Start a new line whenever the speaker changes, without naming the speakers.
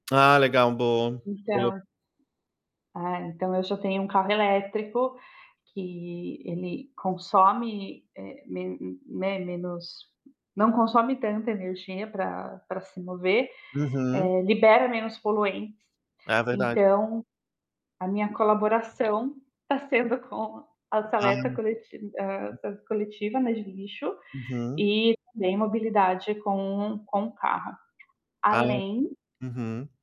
Ah, legal. Bom boa.
Então ah, eu já tenho um carro elétrico que ele consome, eh, me né, menos não consome tanta energia para para se mover,
Uhum.
eh, libera menos poluentes.
É verdade.
Então, a minha colaboração tá sendo com a seleta
Ah.
coleti ah, ah, coletiva, né, de lixo,
Uhum.
e também mobilidade com o com o carro.
Ah.
Além
Uhum.